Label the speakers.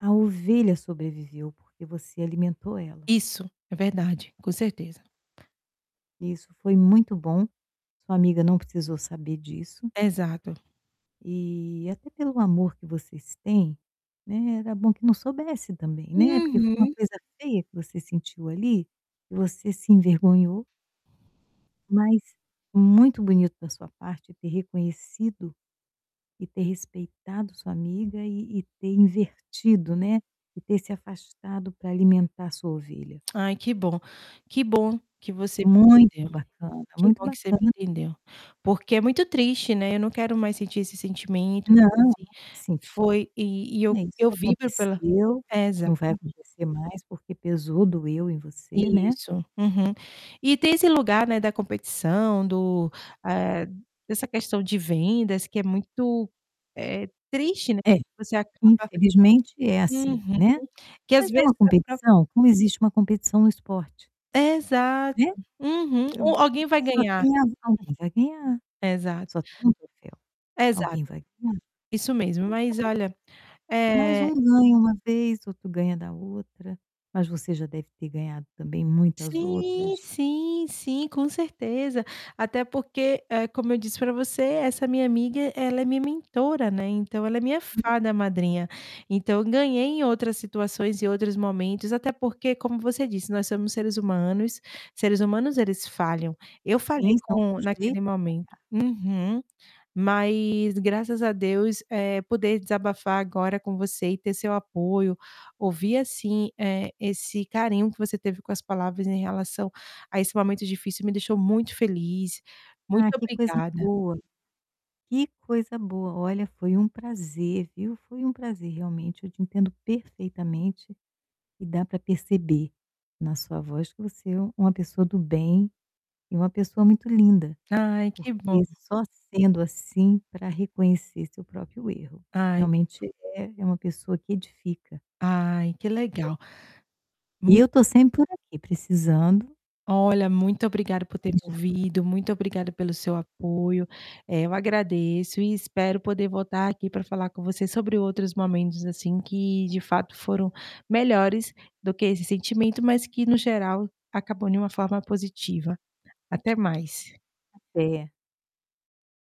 Speaker 1: A ovelha sobreviveu porque você alimentou ela.
Speaker 2: Isso! É verdade, com certeza.
Speaker 1: E isso foi muito bom. Sua amiga não precisou saber disso.
Speaker 2: Exato.
Speaker 1: E até pelo amor que vocês têm, né, era bom que não soubesse também, né. Porque foi uma
Speaker 2: Uhum.
Speaker 1: coisa feia que você sentiu ali e você se envergonhou. Mas muito bonito da sua parte ter reconhecido e ter respeitado sua amiga e e ter invertido, né, e ter se afastado para alimentar sua ovelha.
Speaker 2: Ai, que bom, que bom que você me
Speaker 1: Muito
Speaker 2: entendeu,
Speaker 1: bacana,
Speaker 2: que
Speaker 1: muito
Speaker 2: bom que você me
Speaker 1: bacana.
Speaker 2: entendeu. Porque é muito triste, né, eu não quero mais sentir esse sentimento,
Speaker 1: Não.
Speaker 2: mas assim
Speaker 1: Senti.
Speaker 2: foi e e
Speaker 1: É, isso
Speaker 2: eu vibro pela
Speaker 1: aconteceu, não vai
Speaker 2: exatamente.
Speaker 1: acontecer mais porque pesou, doeu em você, né.
Speaker 2: Isso. Uhum. E tem esse lugar, né, da competição, do ah, dessa questão de vendas que é muito, eh, triste, né,
Speaker 1: É,
Speaker 2: você acaba
Speaker 1: infelizmente é assim,
Speaker 2: Uhum.
Speaker 1: né.
Speaker 2: Que às
Speaker 1: Mas é
Speaker 2: vezes
Speaker 1: uma
Speaker 2: a própria
Speaker 1: competição? Como existe uma competição no esporte.
Speaker 2: Exato.
Speaker 1: Vê?
Speaker 2: Uhum.
Speaker 1: O
Speaker 2: O alguém vai
Speaker 1: Só
Speaker 2: ganhar.
Speaker 1: tem a alguém vai ganhar.
Speaker 2: Exato.
Speaker 1: Só tem um troféu, alguém
Speaker 2: Exato.
Speaker 1: vai ganhar.
Speaker 2: Isso mesmo. Mas
Speaker 1: Então
Speaker 2: olha,
Speaker 1: Mais
Speaker 2: eh
Speaker 1: um ganha uma vez, outro ganha da outra. Mas você já deve ter ganhado também muitas
Speaker 2: Sim,
Speaker 1: outras.
Speaker 2: sim, sim, com certeza. Até porque, ah, como eu disse para você, essa minha amiga, ela é minha mentora, né, então ela é minha
Speaker 1: [unintelligible]
Speaker 2: fada madrinha. Então eu ganhei em outras situações e outros momentos. Até porque, como você disse, nós somos seres humanos; seres humanos eles falham. Eu falhei
Speaker 1: Tem são
Speaker 2: com
Speaker 1: sujeitos
Speaker 2: naquele
Speaker 1: a
Speaker 2: momento.
Speaker 1: pagar.
Speaker 2: Uhum. Mas, graças a Deus, eh, poder desabafar agora com você e ter seu apoio, ouvir, assim, eh, esse carinho que você teve com as palavras em relação a esse momento difícil me deixou muito feliz. Muito
Speaker 1: Ah que coisa
Speaker 2: obrigada.
Speaker 1: boa, que coisa boa. Olha, foi um prazer, viu. Foi um prazer realmente. Eu te entendo perfeitamente. E dá para perceber na sua voz que você é uma pessoa do bem, e uma pessoa muito linda,
Speaker 2: Ai que bom.
Speaker 1: porque só sendo assim para reconhecer seu próprio erro.
Speaker 2: Ai que bom.
Speaker 1: Realmente é uma pessoa que edifica.
Speaker 2: Ai que
Speaker 1: Amém.
Speaker 2: legal. Mu
Speaker 1: Eu estou sempre por aqui, precisando.
Speaker 2: Olha, muito obrigada por
Speaker 1: Só
Speaker 2: ter
Speaker 1: me chamar.
Speaker 2: ouvido, muito obrigada pelo seu apoio. Eh, eu agradeço e espero poder voltar aqui para falar com você sobre outros momentos, assim, que de fato foram melhores do que esse sentimento, mas que no geral acabam de uma forma positiva. Até mais.
Speaker 1: Até.